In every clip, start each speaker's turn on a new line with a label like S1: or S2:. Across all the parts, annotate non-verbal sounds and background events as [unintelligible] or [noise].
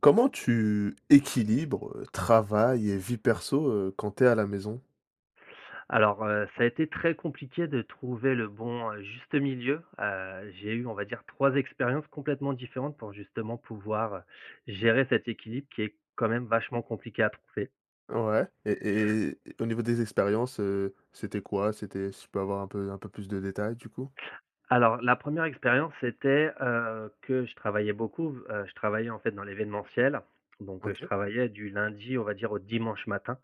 S1: Comment tu équilibres, heu, travail et vie perso, heu, quand tu es à la maison?
S2: Alors, heu, ça a été très compliqué de trouver le bon, heu, juste milieu. Heu, j'ai eu, on va dire, 3 expériences complètement différentes pour, justement, pouvoir gérer cet équilibre, qui est quand même vachement compliqué à trouver.
S1: Ouais et et et au niveau des expériences, heu, c'était quoi? C'était si je peux avoir un peu un peu plus de détails, du coup?
S2: Alors, la 1re expérience, c'était, heu, que je travaillais beaucoup, heu, je travaillais, en fait, dans l'événementiel, donc heu, je
S1: OK.
S2: travaillais du lundi, on va dire, au dimanche matin,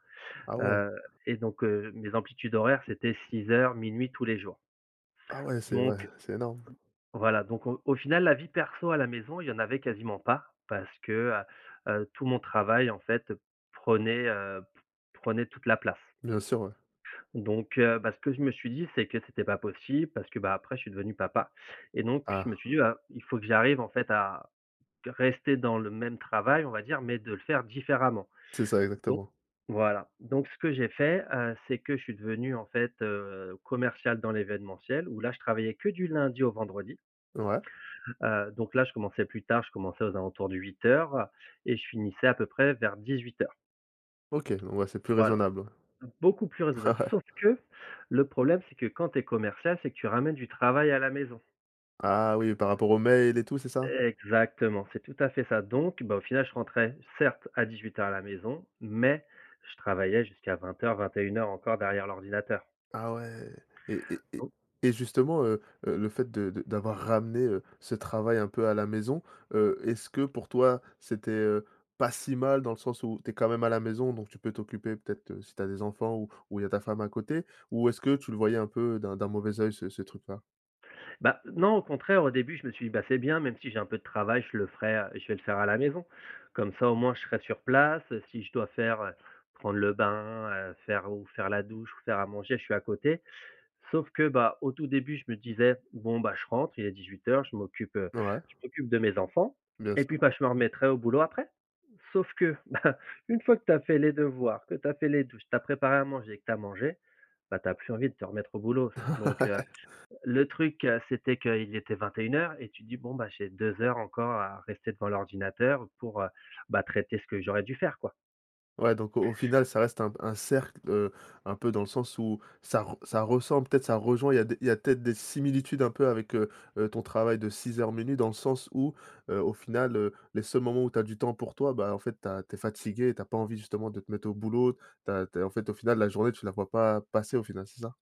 S1: Ah ouais.
S2: heu et donc heu, mes amplitudes horaires, c'était 6:00-00:00, tous les jours.
S1: Ah ouais, c'est vrai,
S2: Donc
S1: c'est énorme.
S2: voilà, donc au au final la vie perso à la maison, il y en avait quasiment pas parce que, heu heu, tout mon travail, en fait, prenait, heu, p prenait toute la place.
S1: Bien sûr, ouais.
S2: Donc heu bah, ce que je me suis dit c'est que c'était pas possible, parce que, bah, après je suis devenu papa et donc, je me
S1: Ah.
S2: suis dit bah: «Il faut que j'arrive, en fait, à rester dans le même travail, on va dire, mais de le faire différemment»
S1: C'est ça,
S2: donc
S1: exactement.
S2: voilà, donc ce que j'ai fait, heu, c'est que je suis devenu, en fait, heu, commercial dans l'événementiel, où là, je travaillais que du lundi au vendredi.
S1: Ouais.
S2: Heu donc là, je commençais plus tard. Je commençais aux alentours de 8:00, heu et je finissais à peu près vers 18:00.
S1: OK, bon bah, c'est plus
S2: Voilà.
S1: raisonnable.
S2: Beaucoup plus
S1: Ouais.
S2: raisonnable, sauf que le problème, c'est que quand tu es commercial, c'est que tu ramènes du travail à la maison.
S1: Ah oui, par rapport aux mails et tout, c'est ça?
S2: Exactement, c'est tout à fait ça donc bah, au final, je rentrais, certes, à 18:00 à la maison mais je travaillai jusqu'à 20:00-21:00 encore derrière l'ordinateur.
S1: Ah ouais et et et
S2: Don
S1: et justement, heu heu, le fait de de d'avoir ramené, heu, ce travail un peu à la maison, heu, est-ce que pour toi, c'était, heu, pas si mal dans le sens où tu es quand même à la maison, donc tu peux t'occuper peut-être, heu, si tu as des enfants ou ou il y a ta femme à côté, ou est-ce que tu le voyais un peu d'un d'un mauvais œil ce ce truc-là?
S2: Bah, non, au contraire. Au début, je me suis dit: «Bah c'est bien, même si j'ai un peu de travail, je le ferai, heu, je vais le faire à la maison, comme ça, au moins, je serai sur place, heu, si je dois faire, heu, prendre le bain, heu, faire ou faire la douche ou faire à manger, je suis à côté». Sauf que, bah, au tout début, je me disais: «Bon, bah, je rentre, il est 18:00, je m'occupe, heu,
S1: Ouais.
S2: je m'occupe de mes enfants
S1: Bien
S2: et
S1: sûr.
S2: puis, bah, je me remettrai au boulot après». Sauf que, bah, une fois que tu as fait les devoirs, que tu as fait les douches, tu as préparé à manger, que tu as mangé, bah, tu as plus envie de te remettre au boulot f donc heu,
S1: [laughs]
S2: le truc, heu, c'était qu'il était 21:00 et tu dis: «Bon bah, j'ai 2 heures encore à rester devant l'ordinateur pour, heu bah, traiter ce que j'aurais dû faire, quoi».
S1: Ouais donc au au final, ça reste un p un cercle, heu, un peu dans le sens où ça re ça ressemble, peut-être ça rejoint, il y a des il y a peut-être des similitudes un peu avec, heu heu, ton travail de 6:00-00:00, dans le sens où, heu, au final, heu, les seuls moments où tu as du temps pour toi, bah, en fait tu as tu es fatigué et tu as pas envie justement de te mettre au boulot. Tu as tu as en fait, au final, la journée tu la vois pas passer, au final, c'est ça?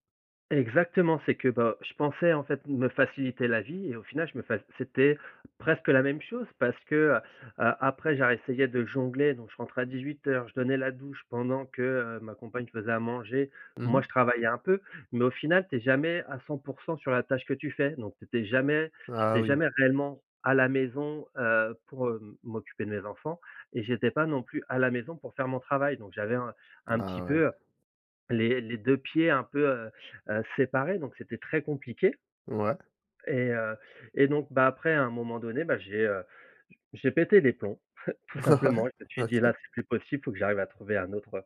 S2: Exactement, c'est que, bah, je pensais, en fait, me faciliter la vie et au final je me fa c'était presque la même chose parce que, heu heu, après j'ai ré-essayé de jongler, donc je rentrais à 18:00, je donnais la douche pendant que, heu, ma compagne faisait à manger,
S1: Mmh
S2: moi je
S1: mh.
S2: travaillais un peu mais au final, tu es jamais à 100 % sur la tâche que tu fais donc tu étais jamais
S1: Ah
S2: j'étais
S1: oui.
S2: jamais réellement à la maison, heu, pour, heu, m'occuper de mes enfants et j'étais pas non plus à la maison pour faire mon travail donc j'avais un un petit
S1: Ah ouais.
S2: peu, heu, les les 2 pieds un peu, heu heu, séparés, donc c'était très compliqué.
S1: Ouais.
S2: Et heu et donc bah, après, à un moment donné, bah, j'ai, heu, j j'ai pété les plombs, [chuckles] tout
S1: Ouais,
S2: simplement. Je me suis dit:
S1: OK.
S2: «Là, c'est plus possible, faut que j'arrive à trouver un autre,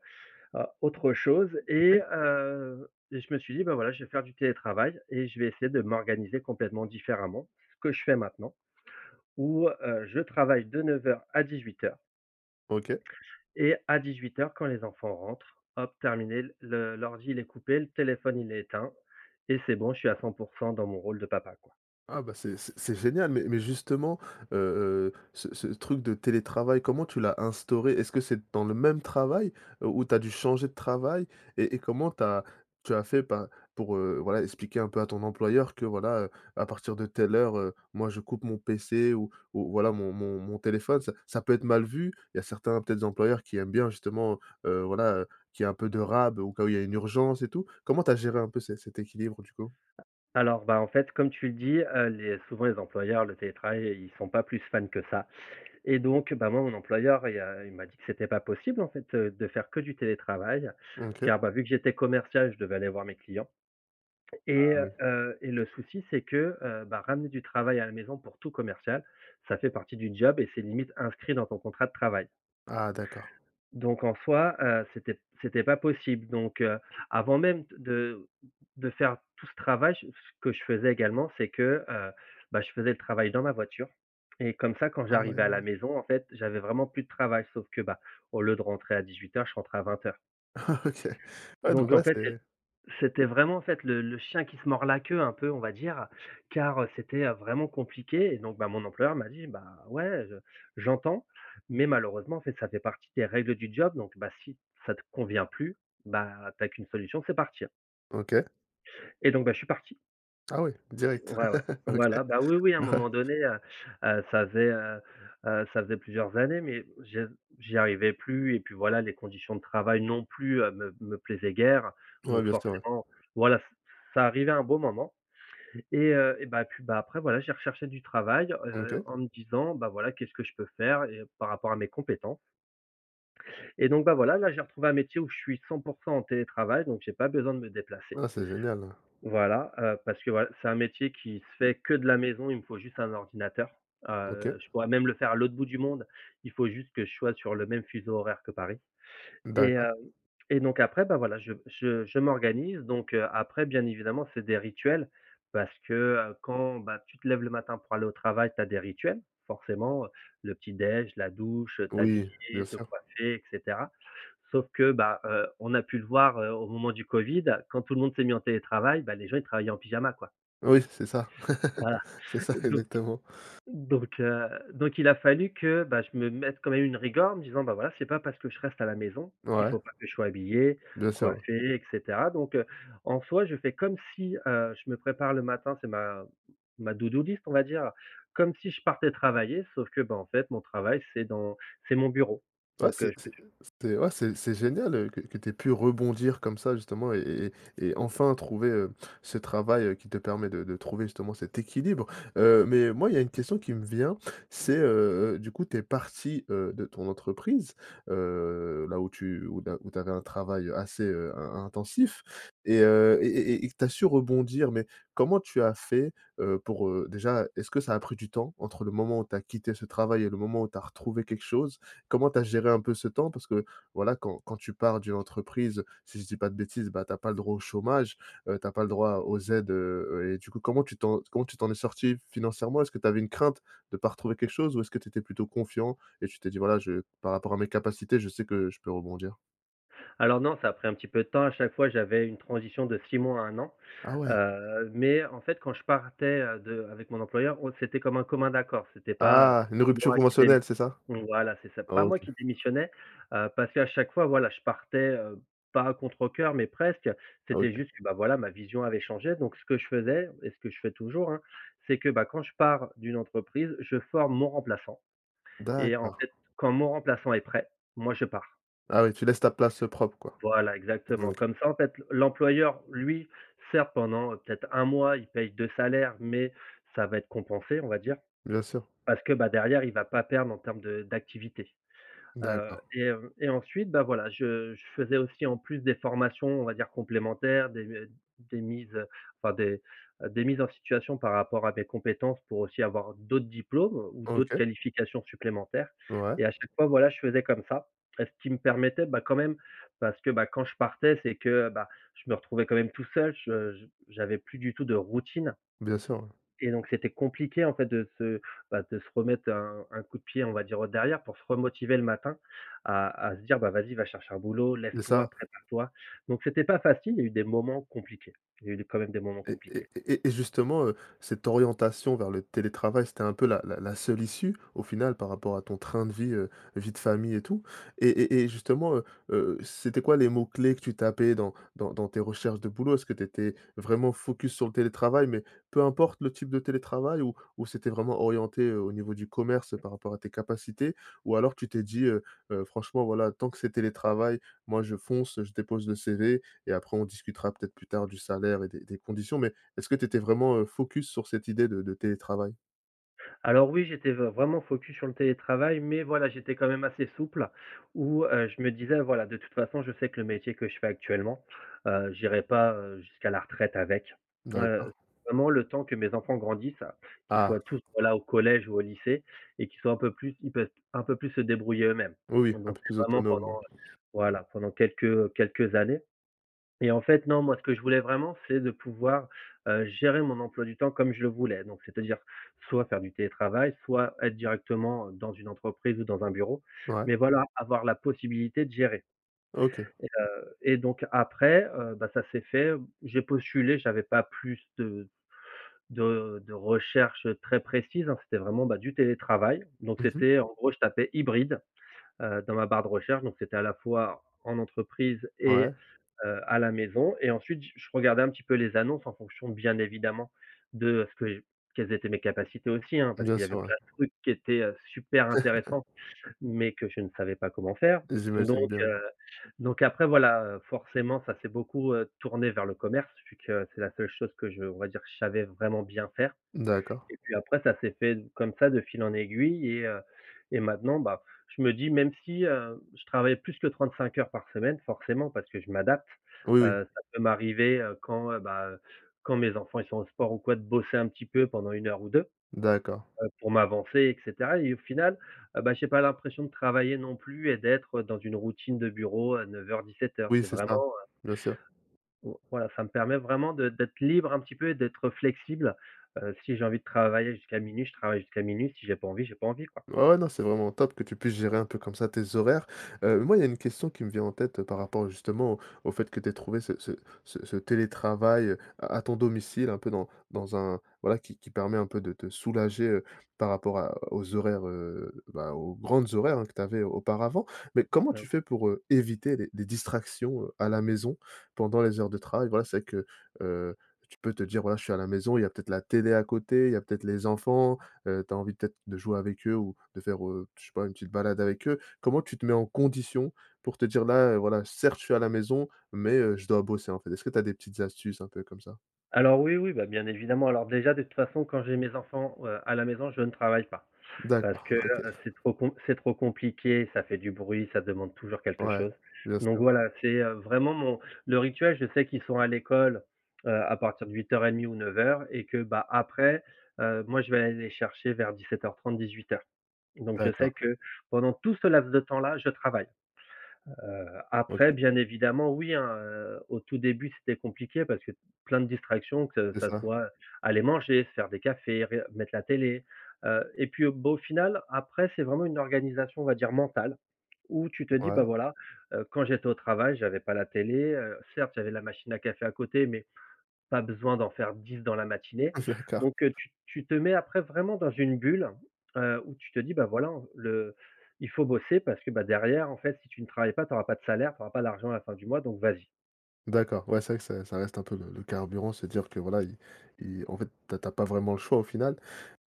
S2: heu, au autre chose» et
S1: OK.
S2: heu et je me suis dit: «Bah, voilà je vais faire du télétravail et je vais essayer de m'organiser complètement différemment». Ce que je fais maintenant, où, heu, je travaille de 9:00 à 18:00.
S1: OK.
S2: Et à 18:00, quand les enfants rentrent, hop, terminé l le l'ordi, il est coupé, le téléphone il est éteint et c'est bon je suis à 100 % dans mon rôle de papa, quoi.
S1: Ah, bah, c'est c'est c'est génial, mais mais, justement, heu heu, ce ce truc de télétravail, comment tu l'as instauré? Est-ce que c'est dans le même travail, heu, ou tu as dû changer de travail? Et et comment tu as tu as fait par pour, heu, voilà expliquer un peu à ton employeur que, voilà, heu, à partir de telle heure, heu, moi je coupe mon PC ou ou voilà, mon mon mon téléphone? Ça ça peut être mal vu, il y a certains, peut-être, employeurs qui aiment bien justement, heu voilà, heu, qu'il y ait un peu de rab au cas où il y a une urgence et tout. Comment tu as géré un peu cet cet équilibre du coup?
S2: Alors bah, en fait comme tu le dis, heu, les souvent les employeurs, le télétravail, ils sont pas plus fans que ça et donc bah, moi mon employeur il y a heu, il m'a dit que c'était pas possible en fait, heu, de faire que du télétravail,
S1: Mmh, OK.
S2: car bah, vu que j'étais commercial, je devais aller voir mes clients
S1: Ah
S2: et
S1: oui.
S2: heu et le souci, c'est que, heu bah, ramener du travail à la maison, pour tout commercial, ça fait partie du job et c'est limite inscrit dans ton contrat de travail.
S1: Ah d'accord.
S2: Donc en soi, heu, c'était p c'était pas possible donc heu, avant même d de de faire tout ce travail, c ce que je faisais également c'est que, heu bah, je faisais le travail dans la voiture et comme ça quand
S1: Ah
S2: j'arrivais à la
S1: ouais.
S2: maison en fait j'avais vraiment plus de travail. Sauf que bah, au lieu de rentrer à 18:00, je rentrais à 20:00.
S1: [chuckles] OK. Ouais donc
S2: Donc en
S1: ouais,
S2: fait c'é
S1: c'est
S2: c'était vraiment en fait le le chien qui se mord la queue un peu on va dire, car, heu, c'était, heu, vraiment compliqué et donc bah, mon employeur m'a dit: «Bah ouais je j'entends, mais malheureusement c'est que ça fait partie des règles du job donc bah, si ça te convient plus, bah, tu as qu'une solution c'est partir.»
S1: OK.
S2: Et donc bah, je suis parti
S1: Ah oui,
S2: [unintelligible]
S1: direct.
S2: ouais, ouais.
S1: [chuckles] OK.
S2: Voilà. Bah, oui, oui, à un
S1: Ouais.
S2: moment donné, heu heu, ça faisait, heu heu, ça faisait plusieurs années. Mais je j'y arrivais plus et puis voilà, les conditions de travail non plus, heu, me me plaisaient guère.
S1: Ouais,
S2: Donc
S1: bien sûr. Ouais.
S2: forcément, voilà, c c'est arrivé à un bon moment et heu et bah, puis bah, après voilà, j'ai recherché du travail, heu,
S1: OK.
S2: en me disant, bah, voilà: «Qu'est-ce que je peux faire?» et heu et par rapport à mes compétences. Et donc bah, voilà, là j'ai retrouvé un métier où je suis 100 % en télétravail, donc j'ai pas besoin de me déplacer.
S1: Ah, c'est génial.
S2: Voilà, heu, parce que voil c'est un métier qui se fait que de la maison, il me faut juste un ordinateur. Ah,
S1: OK.
S2: heu, je pourrais même le faire à l'autre bout du monde, il faut juste que je sois sur le même fuseau horaire que Paris et
S1: D'accord.
S2: heu et donc après bah, voilà, je je je m'organise donc heu, après bien évidemment, c'est des rituels. Parce que, heu, quand bah, tu te lèves le matin pour aller au travail, tu as des rituels. Forcément, heu, le petit déj, la douche, heu,
S1: Oui, bien
S2: t'habiller, te
S1: sûr.
S2: coiffer et cetera. Sauf que bah, heu, on a pu le voir, heu, au moment du covid. Quand tout le monde s'est mis en télétravail, bah, les gens ils travaillaient en pyjama, quoi.
S1: Oui, c'est ça,
S2: Voilà.
S1: [chuckles] c'est ça,
S2: Heu, donc
S1: exactement.
S2: donc heu, donc il a fallu que, bah, je me mette quand même une rigueur en me disant: «Bah, voilà, c'est pas parce que je reste à la maison qu'il
S1: Ouais.
S2: faut pas que je sois habillé,
S1: Bien sûr, oui.
S2: coiffé et cetera» donc heu, en soi, je fais comme si, heu, je me prépare le matin, c'est ma ma to do list, on va dire, heu, comme si je partais travailler, sauf que ben, en fait, mon travail c'est dans c'est mon bureau
S1: Ouais,
S2: donc
S1: c'est
S2: heu, je p
S1: c'est
S2: j
S1: c'était ouais, c'est génial que t que tu aies pu rebondir comme ça justement et et et et enfin trouver, heu, ce travail, heu, qui te permet de de trouver justement cet équilibre. Heu mais moi il y a une question qui me vient, c'est, heu heu, du coup tu es parti, heu, de ton entreprise, heu, là où tu, heu, là où tu avais un travail, heu, assez, heu, in intensif et heu et et et et que tu as su rebondir mais comment tu as fait, heu, pour, heu, déjà, est-ce que ça a pris du temps? Entre le moment où tu as quitté ce travail et le moment où tu as retrouvé quelque chose? Comment tu as géré un peu ce temps parce que, voilà, quand quand tu pars d'une entreprise, si je dis pas de bêtises, bah, tu as pas le droit au chômage. Heu, tu as pas le droit aux aux aides, heu heu et du coup, comment tu t'en comment tu t'en es sorti financièrement? Est-ce que tu avais une crainte de pas retrouver quelque chose, ou est-ce que tu étais plutôt confiant et tu t'es dit: «Voilà, heu, je par rapport à mes capacités, je sais que je peux rebondir»?
S2: Alors non, ça a pris un petit peu de temps. À chaque fois, j'avais une transition de 6 mois à 1 an.
S1: Ah ouais?
S2: Heu mais en fait quand je partais, heu, de avec mon employeur, on c'était comme un commun accord. C'était pas, heu,
S1: Ah, une rupture
S2: moi qui démiss
S1: conventionnelle c'est ça?
S2: voilà, c'est ça. Pas moi
S1: OK.
S2: qui démissionnais, heu, parce qu'à chaque fois, voilà je partais, heu, pas à contrecoeur mais presque. C'était
S1: OK.
S2: juste, que bah, voilà, ma vision avait changé donc heu, ce que je faisais et ce que je fais toujours, hein, c'est que, bah, quand je pars d'une entreprise, je forme mon remplaçant et en
S1: D'accord.
S2: fait, quand mon remplaçant est prêt, moi je pars.
S1: Ah oui, tu laisses ta place propre, quoi?
S2: Voilà,
S1: Mmh
S2: exactement.
S1: OK.
S2: Comme ça, en fait, l'employeur lui, certes pendant, heu, peut-être un mois, il paye 2 salaires mais ça va être compensé on va dire.
S1: Bien sûr.
S2: Parce que, bah, derrière il va pas perdre en termes de d'activité. Heu
S1: D'accord.
S2: et heu et ensuite, bah voilà, je je faisais aussi en plus des formations, on va dire «complémentaires», des d des mises, heu, enfin des, heu, des mises en situation par rapport à des compétences pour aussi avoir, heu, d'autres diplômes, heu, ou d'autres
S1: OK.
S2: qualifications supplémentaires
S1: Ouais.
S2: et à chaque fois, voilà, je faisais comme ça et ce qui me permettait bah, quand même, parce que, bah, quand je partais c'est que, heu, bah je me retrouvais quand même tout seul, je j'avais plus du tout de routine.
S1: Bien sûr. Ouais.
S2: Et donc c'était compliqué en fait de se bah, de se remettre un un coup de pied, on va dire, «au derrière» pour se re-motiver le matin. À à se dire: «Bah vas-y, vas chercher un boulot.
S1: Et
S2: Lève-toi,
S1: ça.
S2: prépare-toi!» donc c'était pas facile, il y a eu des moments compliqués. Il y a eu des quand même, des moments
S1: Et et
S2: compliqués.
S1: et et justement, heu, cette orientation vers le télétravail, c'était un peu la la la seule issue, au final par rapport à ton train de vie, heu, vie de famille et tout? Et et et justement, heu heu, c'étaient quoi les mots-clés que tu tapais dans dans dans tes recherches de boulot? Est-ce que tu étais vraiment focus sur le télétravail, mais peu importe le type de télétravail ou ou c'était vraiment orienté, heu, au niveau du commerce, heu, par rapport à tes capacités? Ou alors tu t'es dit, heu heu: «Franchement, voilà, tant que c'est télétravail, moi je fonce, je dépose le CV et après on discutera, peut-être, plus tard du salaire et des des conditions» mais est-ce que tu étais vraiment, heu, focus sur cette idée de de télétravail?
S2: Alors, oui, j'étais vr vraiment focus sur le télétravail mais, voilà, j'étais quand même assez souple où, heu, je me disais, voilà: «De toute façon, je sais que le métier que je fais actuellement, heu, j'irai pas, heu, jusqu'à la retraite avec»,
S1: D'accord.
S2: heu, vraiment le temps que mes enfants grandissent, qu'ils
S1: Ah!
S2: soient tous, voilà, au collège ou au lycée et qu'ils soient un peu plus ils peuvent un peu plus se débrouiller eux-mêmes
S1: Oui, oui,
S2: donc
S1: un
S2: bon,
S1: peu
S2: c'est
S1: plus
S2: vraiment pendant,
S1: autonome? Ouais.
S2: heu, voilà, pendant quelques, heu, quelques années et en fait, non, moi, ce que je voulais vraiment c'est de pouvoir, heu, gérer mon emploi du temps comme je le voulais. Donc c'est-à-dire soit faire du télétravail, soit être directement, heu, dans une entreprise ou dans un bureau
S1: Ouais.
S2: mais, voilà, avoir la possibilité de gérer
S1: OK.
S2: et heu et donc, après, heu, bah, ça s'est fait. Jj'ai postulé, j'avais pas plus de de de recherches très précises, hein, c'était vraiment, bah, du télétravail, donc
S1: Mmh mh.
S2: c'était, en gros, je tapais «hybride», heu, dans ma barre de recherche donc c'était à la fois en entreprise et
S1: Ouais.
S2: heu, à la maison et ensuite, j je regardais un petit peu les annonces en fonction bien évidemment de ce que quelles étaient mes capacités aussi, hein. Parce
S1: Bien
S2: qu'il y avait
S1: sûr, ouais.
S2: plein de trucs qui étaient, heu, super intéressants
S1: [chuckles]
S2: mais que je ne savais pas comment faire,
S1: J'imagine
S2: donc
S1: bien.
S2: heu, donc après, voilà, heu, forcément, ça s'est beaucoup, heu, tourné vers le commerce, vu que c'est la seule chose que je on va dire que je savais vraiment bien faire
S1: D'accord.
S2: et puis après ça s'est fait comme ça de fil en aiguille et heu et maintenant, bah, je me dis: «Même si, heu, je travaille plus que 35 heures par semaine», forcément, parce que je m'adapte,
S1: Oui, oui.
S2: heu, ça peut m'arriver, heu, quand, heu, bah heu, quand mes enfants, ils sont au sport ou quoi de bosser un petit peu pendant 1 heure ou 2,
S1: D'accord.
S2: heu, pour m'avancer et cetera et au final, heu bah, j'ai pas l'impression de travailler non plus et d'être, heu, dans une routine de bureau, heu, 09:00-17:00.
S1: Oui,
S2: C'est
S1: c'est ça.
S2: vraiment, heu
S1: Bien sûr.
S2: O voilà, ça me permet vraiment de d'être libre un petit peu et d'être, heu, flexible, heu, si j'ai envie de travailler jusqu'à 00:00, je travaille jusqu'à 00:00 si j'ai pas envie j'ai pas envie, quoi.
S1: Ouais, ouais, non, c'est vraiment top que tu puisses gérer un peu comme ça tes horaires, heu, moi, il y a une question qui me vient en tête par rapport au justement, au fait que tu aies trouvé ce ce ce ce télétravail à à ton domicile un peu dans dans un voilà, qui qui permet un peu de te soulager, heu, par rapport à aux horaires, heu bah, aux grandes horaires, hein, que tu avais auparavant mais comment
S2: [unintelligible]
S1: tu fais pour, heu, éviter des des distractions, heu, à la maison pendant les heures de travail? Voilà, c'est vrai que, heu, que tu peux te dire, voilà: «Je suis à la maison», il y a peut-être la télé à côté, il y a peut-être les enfants, heu, tu as envie peut-être de jouer avec eux ou de faire, heu, je sais pas une petite balade avec eux? Comment tu te mets en conditions pour te dire: «Là, heu, voilà, certes je suis à la maison mais heu, je dois bosser», en fait? Est-ce que tu as des petites astuces un peu comme ça?
S2: Alors oui, oui, bah bien évidemment. Alors, déjà, de toute façon quand j'ai mes enfants, heu, à la maison, je ne travaille pas parce
S1: D'accord,
S2: que, heu,
S1: OK.
S2: c'est trop com c'est trop compliqué, ça fait du bruit, ça demande toujours quelque
S1: Ouais.
S2: chose
S1: Bien
S2: donc
S1: sûr.
S2: voilà, c'est, heu, vraiment, mon le rituel, je sais qu'ils sont à l'école, heu, à partir de 08:30 ou 09:00 et que, bah après, heu, moi, je vais aller les chercher vers 17:30-18:00 donc je sais
S1: D'accord.
S2: que pendant tout ce laps de temps-là, je travaille. Heu, après
S1: OK.
S2: bien évidemment, oui, hein, heu, au tout début, c'était compliqué parce que plein de distractions que
S1: C'est
S2: ça
S1: ça.
S2: soit aller manger, se faire des cafés, reg mettre la télé, heu et puis au bah, au final, après c'est vraiment une organisation on va dire, mentale, où tu te dis:
S1: Ouais.
S2: «Bah, voilà, heu, quand j'étais au travail, j'avais pas la télé, heu, certes j'avais la machine à café à côté mais pas besoin d'en faire 10 dans la matinée»
S1: [chuckles] D'accord.
S2: donc heu, tu tu te mets après vraiment dans une bulle, heu, où tu te dis: «Bah, voilà, hein, le il faut bosser parce que, bah, derrière, en fait, si tu ne travailles pas, tu auras pas de salaire, tu auras pas l'argent à la fin du mois, donc vas-y».
S1: D'accord, ouais, c'est vrai que c'est ça reste un peu le le carburant, se dire que voilà, il il en fait, tu as tu as pas vraiment le choix, au final,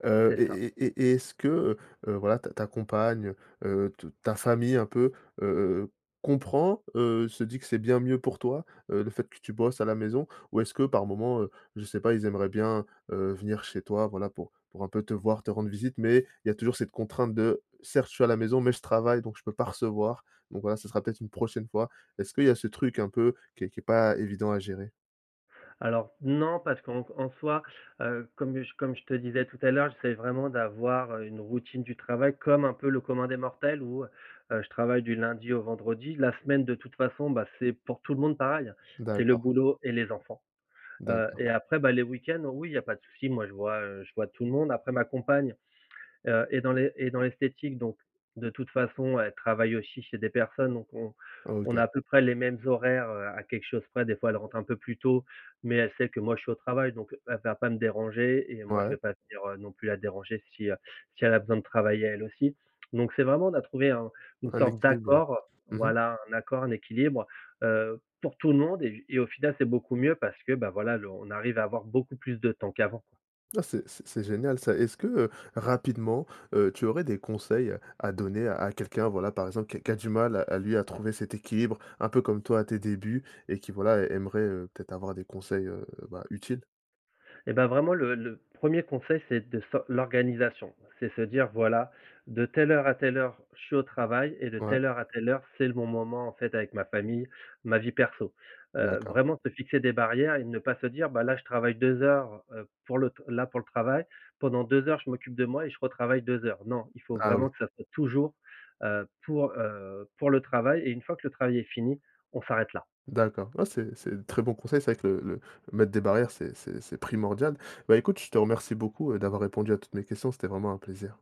S1: heu
S2: C'est
S1: et
S2: ça.
S1: et et et est-ce que, heu heu, voilà, ta ta compagne, heu heu, t ta famille, un peu, heu heu heu, comprend? Heu, se dit que c'est bien mieux pour toi, heu, le fait que tu bosses à la maison ou est-ce que par moment, heu, je sais pas, ils aimeraient bien, heu, venir chez toi, voilà, pour pour un peu te voir, te rendre visite mais il y a toujours cette contrainte de, certes je suis à la maison mais je travaille donc je peux pas recevoir, donc voilà, ça sera peut-être une prochaine fois. Est-ce qu'il y a ce truc un peu qui est qui est pas évident à gérer?
S2: Alors, non, parce qu'en en soi, heu, comme comme je te disais tout à l'heure, j'essaie vraiment d'avoir, heu, une routine du travail comme un peu le commun des mortels, où, heu heu, je travaille du lundi au vendredi. La semaine de toute façon, bah, c'est pour tout le monde pareil, hein, c'est le
S1: D'accord.
S2: boulot et les enfants, heu
S1: D'accord.
S2: et après, bah, les week-ends, oui, il y a pas de souci, moi, je vois, heu, je vois tout le monde, après ma compagne, heu, est dans l'es est dans l'esthétique donc de toute façon elle travaille aussi chez des personnes, donc on on
S1: OK.
S2: a à peu près les mêmes horaires, heu, à quelque chose près, des fois, elle rentre un peu plus tôt mais elle sait que, moi, je suis au travail, donc elle va pas me déranger et moi, je vais
S1: Ouais.
S2: pas venir non plus la déranger si, heu, si elle a besoin de travailler elle aussi, donc c'est vraiment, on a trouvé un une
S1: Un
S2: sorte
S1: équilibre? Ouais,
S2: d'accord,
S1: mmh mh.
S2: voilà, un accord, un équilibre, heu, pour tout le monde et j et au final, c'est beaucoup mieux parce que, bah, voilà, le on arrive à avoir beaucoup plus de temps qu'avant, quoi.
S1: Ouais, c'est c'est génial, ça. Est-ce que, heu, rapidement, heu, tu aurais des conseils à donner à quelqu'un, voilà, par exemple, qui a qui a du mal à lui, à trouver cet équilibre, un peu comme toi à tes débuts et qui voilà aimerait, heu, peut-être avoir des conseils, heu, bah, utiles?
S2: Et bah, vraiment, le le 1er conseil, c'est de s'o l'organisation. C'est se dire, voilà, de telle heure à telle heure, je suis au travail et de
S1: Ouais.
S2: telle heure à telle heure, c'est le bon moment, en fait, avec ma famille, ma vie perso, heu,
S1: D'accord.
S2: vraiment se fixer des barrières et ne pas se dire: «Bah, là, je travaille 2 heures, heu, pour le t là, pour le travail, pendant 2 heures je m'occupe de moi et je retravaille 2 heures». Non, il faut
S1: Ah oui!
S2: vraiment que ça soit toujours, heu, pour, heu, pour le travail et une fois que le travail est fini, on s'arrête là.
S1: D'accord, ouais, c'est c'est des très bons conseils. C'est vrai que le le mettre des barrières, c'est c'est c'est primordial, bah, écoute, je te remercie beaucoup d'avoir répondu à toutes mes questions, c'était vraiment un plaisir.